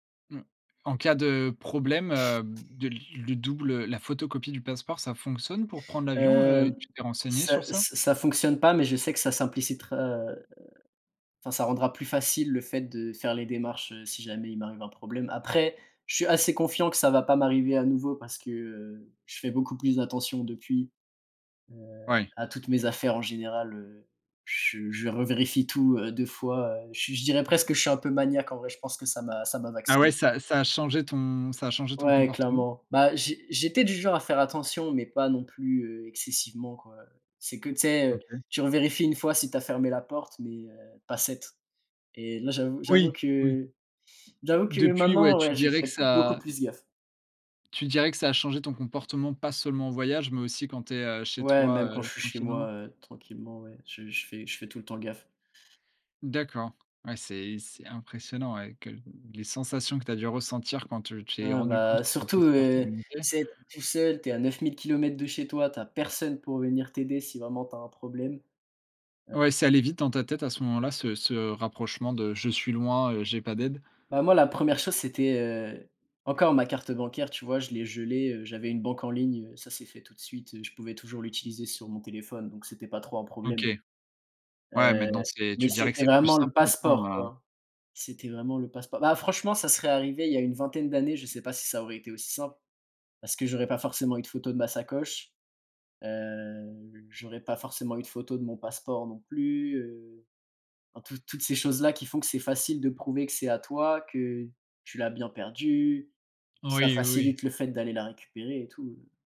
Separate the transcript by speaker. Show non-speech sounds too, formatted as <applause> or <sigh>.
Speaker 1: Mmh. En cas de problème, heu, de
Speaker 2: <sniffs>
Speaker 1: le double, la photocopie du passeport, ça fonctionne pour prendre l'avion, heu et
Speaker 2: Heu,
Speaker 1: tu t'es renseigné
Speaker 2: ça
Speaker 1: sur ça?
Speaker 2: ça ça fonctionne pas, mais je sais que ça simplicitera, heu enfin, ça rendra plus facile le fait de faire les démarches, heu, si jamais il m'arrive un problème. Après, je suis assez confiant que ça va pas m'arriver à nouveau parce que, heu, je fais beaucoup plus attention depuis, heu,
Speaker 1: Ouais.
Speaker 2: à toutes mes affaires. En général, heu, je je revérifie tout, heu, 2 fois, heu, je je dirais presque que je suis un peu maniaque en vrai, je pense que ça m'a ça m'a
Speaker 1: Ah ouais,
Speaker 2: vacciné.
Speaker 1: ça ça a changé ton ça a changé ton
Speaker 2: Ouais,
Speaker 1: comportement?
Speaker 2: clairement. Bah, j'é j'étais du genre à faire attention, mais pas non plus, heu, excessivement, quoi. C'est que tu sais, heu,
Speaker 1: OK.
Speaker 2: tu revérifies 1 fois si tu as fermé la porte, mais, heu, pas 7 et là, j'avoue j'avoue
Speaker 1: Oui, oui.
Speaker 2: que j'avoue que
Speaker 1: Depuis, ouais,
Speaker 2: maintenant
Speaker 1: tu
Speaker 2: ouais, je
Speaker 1: dirais que
Speaker 2: fais beaucoup
Speaker 1: ça
Speaker 2: plus gaffe.
Speaker 1: tu dirais que ça a changé ton comportement, pas seulement en voyage, mais aussi quand tu es, heu, chez
Speaker 2: Ouais,
Speaker 1: toi,
Speaker 2: même quand je
Speaker 1: heu,
Speaker 2: suis chez moi,
Speaker 1: tranquillement?
Speaker 2: heu, tranquillement ouais, je je fais je fais tout le temps gaffe.
Speaker 1: D'accord, ouais, c'est c'est impressionnant ouais, que les sensations que tu as dû ressentir quand tu t'es
Speaker 2: Ah
Speaker 1: rendu compte
Speaker 2: bah,
Speaker 1: que ton
Speaker 2: surtout,
Speaker 1: passeport te
Speaker 2: heu, tu
Speaker 1: manquait.
Speaker 2: sais, tu es tout seul, tu es à 9000 kilomètres de chez toi, tu as personne pour venir t'aider si vraiment tu as un problème, heu
Speaker 1: Ouais, c'est allé vite dans ta tête à ce moment-là, ce ce rapprochement de: «Je suis loin, heu, j'ai pas d'aide»?
Speaker 2: Bah, moi la première chose, c'était, heu encore ma carte bancaire, tu vois, je l'ai gelé, heu, j'avais une banque en ligne, heu, ça s'est fait tout de suite, heu, je pouvais toujours l'utiliser sur mon téléphone donc c'était pas trop un
Speaker 1: OK.
Speaker 2: problème
Speaker 1: Ouais,
Speaker 2: heu,
Speaker 1: maintenant, c'est
Speaker 2: mais
Speaker 1: tu dirais que
Speaker 2: c'était
Speaker 1: c'est plus
Speaker 2: vraiment le
Speaker 1: simple
Speaker 2: passeport
Speaker 1: maintenant, heu
Speaker 2: quoi, c'était vraiment le passeport. Bah, franchement, ça serait arrivé il y a une 20aine d'années, je sais pas si ça aurait été aussi simple. Parce que j'aurais pas forcément eu de photo de ma sacoche, heu, j'aurais pas forcément eu de photo de mon passeport non plus, heu enfin toutes toutes ces choses là, qui font que c'est facile de prouver que c'est à toi, que tu l'as bien perdu.
Speaker 1: Oui,
Speaker 2: Ça
Speaker 1: oui, oui.
Speaker 2: facilite le fait d'aller la récupérer et tout.